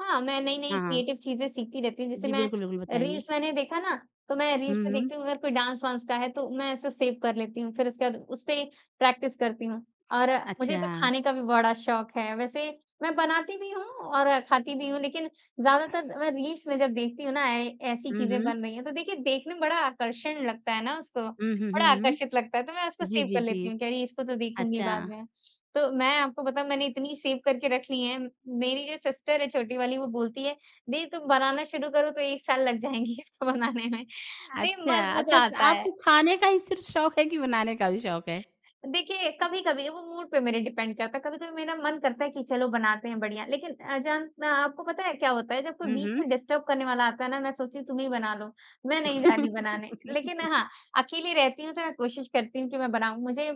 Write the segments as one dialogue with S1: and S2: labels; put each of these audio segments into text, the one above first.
S1: हाँ, मैं नई-नई
S2: हाँ, हाँ।
S1: क्रिएटिव चीज़ें सीखती रहती हूँ। जैसे
S2: जी,
S1: मैं
S2: बिल्कुल, बिल्कुल,
S1: अ,
S2: बताइए।
S1: रील्स मैंने देखा ना, तो मैं रील्स
S2: हुँ,
S1: में
S2: हुँ।
S1: देखती हूँ, अगर कोई डांस वांस का है, तो मैं इसे सेव कर लेती हूँ। फिर उसके बाद उसपे प्रैक्टिस करती हूँ और मुझे
S2: अच्छा।
S1: तो खाने का भी बड़ा शौक है। वैसे मैं बनाती भी हूँ और खाती भी हूँ, लेकिन ज़्यादातर अ, रील्स मैं जब देखती हूँ ना, ऐ ऐसी
S2: हुँ,
S1: चीज़ें
S2: हुँ।
S1: बन रही हैं, तो देखिए, देखने में बड़ा आकर्षण लगता है ना उसको,
S2: हुँ, हुँ, हुँ,
S1: बड़ा आकर्षित
S2: हुँ।
S1: लगता है। तो मैं उसको
S2: जी,
S1: सेव
S2: जी,
S1: कर
S2: जी।
S1: लेती हूँ कि, "अरे! इसको तो देखूँगी
S2: अच्छा।
S1: बाद में।" तो मैं आपको बताऊँ, मैंने इतनी सेव करके रख ली हैं, मेरी जो सिस्टर है छोटी वाली, वो बोलती है, "दीदी, तुम बनाना शुरू करो, तो 1 साल लग जाएँगे इसको बनाने में।" नहीं,
S2: अच्छा,
S1: म
S2: अच्छा,
S1: मज़ा
S2: च
S1: आता है।
S2: आपको खाने का ही सिर्फ़ शौक है कि बनाने का भी शौक है?
S1: देखिए, कभी-कभी, वो मूड पे मेरे डिपेंड करता है। कभी-कभी मेरा मन करता है कि, "चलो, बनाते हैं बढ़िया।" लेकिन अजन मैं आपको पता है, क्या होता है? जब कोई
S2: हुँ,
S1: बीच में
S2: हुँ।
S1: डिस्टर्ब करने वाला आता है ना, मैं सोचती हूँ, "तुम ही बना लो। मैं नहीं जा रही हूँ बनाने।" लेकिन हाँ, अकेली रहती हूँ, तो मैं कोशिश करती हूँ कि मैं बनाऊँ। मुझे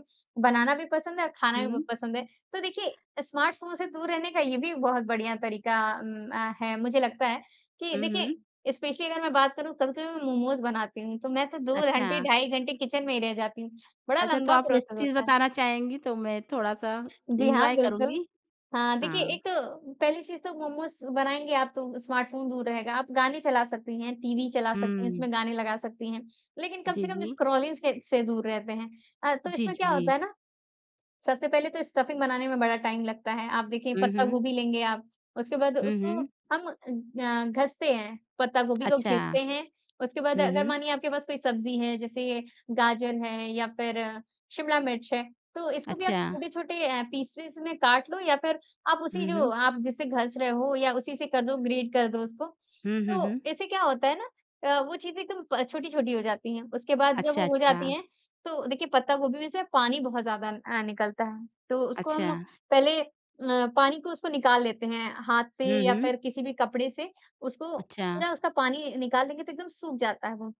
S1: बनाना भी पसंद है और खाना भी बहुत
S2: हुँ।
S1: पसंद है। तो देखिए अ, स्मार्टफ़ोन से दूर रहने का ये भी बहुत बढ़िया तरीका अम, अ, है। मुझे लगता है कि
S2: हुँ,
S1: देखिए,
S2: हुँ।
S1: स्पेशली अगर मैं बात करूँ, कभी-कभी मैं मोमोज़ बनाती हूँ, तो मैं तो 2
S2: अच्छा।
S1: घंटे, ढाई घंटे किचन में ही रह जाती हूँ। बड़ा
S2: अच्छा, तो
S1: लंबा
S2: आप
S1: प्रोसेस
S2: रेसिपीज़
S1: होता है।
S2: बताना चाहेंगी, तो मैं थोड़ा-सा
S1: जी, हाँ,
S2: एन्जॉय
S1: बिल्कुल।
S2: करूँगी।
S1: हाँ, देखिए,
S2: हाँ।
S1: एक तो पहली चीज़ तो मोमोज़ बनाएँगे आप, तो स्मार्टफ़ोन दूर रहेगा। आप गाने चला सकती हैं, टीवी चला सकती हैं,
S2: हुँ।
S1: उसमें गाने लगा सकती हैं, लेकिन कम
S2: जी,
S1: से कम
S2: जी।
S1: स्क्रॉलिंग से से दूर रहते हैं। अर तो
S2: जी,
S1: इसमें
S2: जी,
S1: क्या होता है
S2: जी।
S1: ना, सबसे पहले तो स्टफिंग बनाने में बड़ा टाइम लगता है। आप देखिए,
S2: हुँ,
S1: पत्ता
S2: हुँ।
S1: गोभी लेंगे आप, उसके बाद
S2: हुँ,
S1: उसको
S2: हुँ।
S1: हम अ, ग घसते हैं, पत्ता गोभी को
S2: अच्छा।
S1: घिसते हैं। उसके बाद,
S2: हुँ,
S1: अगर
S2: हुँ।
S1: मानिए, आपके पास कोई सब्ज़ी है, जैसे गाजर है या फिर शिमला मिर्च है, तो इसको भी आप
S2: अच्छा।
S1: छोटे-छोटे अ, पीसेज़ में काट लो या फिर आप उसी
S2: हुँ,
S1: जो
S2: हुँ।
S1: आप जिससे घस रहे हो या उसी से कर दो, ग्रेट कर दो उसको।
S2: हुँ, हुँ,
S1: तो
S2: हुँ।
S1: इससे क्या होता है ना अ, वो चीज़ें एकदम प छोटी-छोटी हो जाती हैं। उसके बाद जब
S2: अच्छा,
S1: वो हो जाती
S2: अच्छा।
S1: हैं, तो देखिए, पत्ता गोभी में से पानी बहुत ज़्यादा अ, निकलता है। तो उसको हम
S2: अच्छा।
S1: पहले अ, पानी को उसको निकाल लेते हैं, हाथ से
S2: हुँ,
S1: या
S2: हुँ।
S1: फिर किसी भी कपड़े से। उसको
S2: अच्छा।
S1: पूरा उसका पानी निकाल लेंगे, तो एकदम सूख जाता है वो।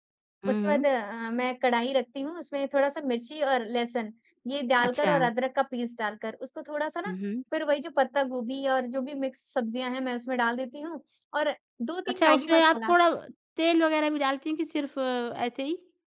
S2: हुँ,
S1: उसके बाद
S2: हुँ।
S1: अ, मैं कढ़ाई रखती हूँ, उसमें थोड़ा-सा मिर्ची और लहसुन, ये डालकर
S2: अच्छा।
S1: और अदरक का पीस डालकर, उसको थोड़ा-सा ना,
S2: हुँ, हुँ।
S1: फिर वही जो पत्ता गोभी और जो भी मिक्स सब्ज़ियाँ हैं, मैं उसमें डाल देती हूँ, और 2-3
S2: अच्छा,
S1: मैगी
S2: उसमें आप
S1: मसाला।
S2: थोड़ा तेल वगैरह भी डालती हैं कि सिर्फ़ ऐसे ही?